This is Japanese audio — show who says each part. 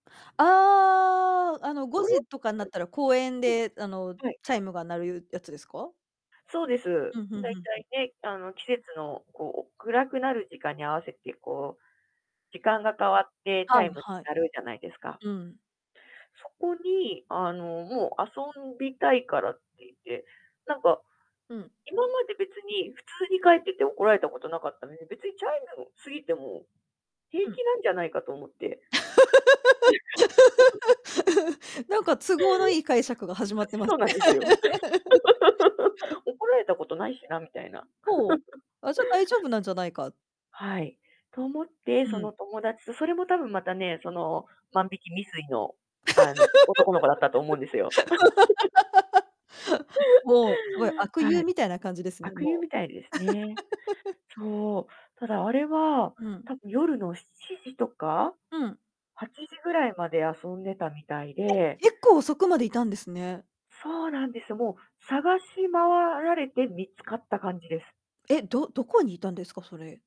Speaker 1: ああ。あの、ご
Speaker 2: ありゃ、
Speaker 1: じとかんなったら公園
Speaker 2: うん、
Speaker 1: であの、
Speaker 2: はい。
Speaker 1: チャイムが鳴るやつですか？
Speaker 2: そうです。
Speaker 1: うん、ふんふ
Speaker 2: 大
Speaker 1: んふん。
Speaker 2: 体ね、あの、季節の、こう、暗くなる時間に合わせて、こう、時間が変わってチャ
Speaker 1: は
Speaker 2: イ
Speaker 1: い
Speaker 2: ムって
Speaker 1: はい。
Speaker 2: なるじゃないですか。
Speaker 1: うん。
Speaker 2: そこにあのもう遊びたいからって言って。なんか、
Speaker 1: うん。
Speaker 2: 今まで別に普通に帰ってて怒られたことなかったのに、別にチャイムも過ぎても平
Speaker 1: うん。
Speaker 2: 気なんじゃないかと思って。
Speaker 1: なんか都合の良い解釈が始ま
Speaker 2: た
Speaker 1: っ
Speaker 2: し、
Speaker 1: てま
Speaker 2: そ
Speaker 1: す。
Speaker 2: うなんですよ。怒られたことないしなみたいな。
Speaker 1: ほう。あ、じゃ大丈夫なんじゃないか。
Speaker 2: はい、と思ってそ
Speaker 1: うん。
Speaker 2: の友達と、それも多分またね、その万引き未遂のあの、男の子だったと思うんですよ。
Speaker 1: もう、すごい悪
Speaker 2: は
Speaker 1: 友
Speaker 2: い。
Speaker 1: みたいな感じですね、
Speaker 2: 悪友
Speaker 1: も
Speaker 2: みたいですね。
Speaker 1: う。
Speaker 2: そう、ただ、あれは
Speaker 1: うん。
Speaker 2: 多分夜の7時とか、
Speaker 1: うん。
Speaker 2: 8時ぐらいまで遊んでたみたいで
Speaker 1: え、結構遅くまでいたんですね。
Speaker 2: そうなんですよ、もう探し回られて見つかった感じです。
Speaker 1: え、どどこにいたんですか、それ？